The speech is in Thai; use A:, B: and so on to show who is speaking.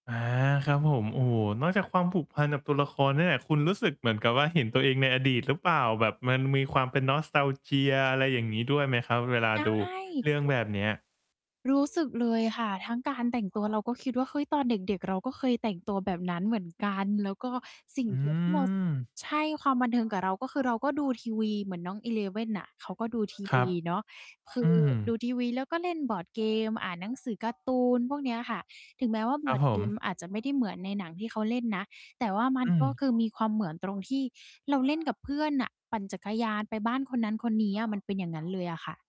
A: อา ครับผม โอ้โฮ นอกจากความผูกพันกับตัวละครเนี่ยแหละ คุณรู้สึกเหมือนกับว่า เห็นตัวเองในอดีตหรือเปล่า? แบบมันมีความเป็น nostalgia อะไรอย่างงี้ด้วยไหมครับ เวลา
B: ใช
A: ดู
B: ่
A: เรื่องแบบเนี้ย?
B: รู้สึกเลยค่ะ ทั้งการแต่งตัวเราก็คิดว่า เฮ้ย ตอนเด็ก ๆ เราก็เคยแต่งตัวแบบนั้นเหมือนกัน แล้วก็สิ่ง
A: อื
B: เดียวที่ เรา
A: ม
B: ใช่ ความบันเทิงกับเรา ก็คือเราก็ดูทีวีเหมือนน้อง Eleven น่ะ เขาก็ดูที
A: ค
B: ว
A: รับ
B: ีเนาะ คื
A: อ
B: อ
A: ื
B: ดู
A: ม
B: ทีวี แล้วก็เล่นบอร์ดเกม อ่านหนังสือการ์ตูน พวกเนี้ยค่ะ ถึงแม้ว่า
A: ค
B: บ
A: รั
B: อร
A: บ
B: ์ด
A: ผ
B: เกม
A: ม
B: อาจจะไม่ได้เหมือนในหนังที่เขาเล่นนะ แต่ว่ามัน
A: อื
B: ก็
A: ม
B: คือมีความเหมือนตรงที่เราเล่นกับเพื่อนน่ะ ปั่นจักรยานไปบ้านคนนั้นคนนี้อะ มันเป็นอย่างนั้นเลยอะค่ะ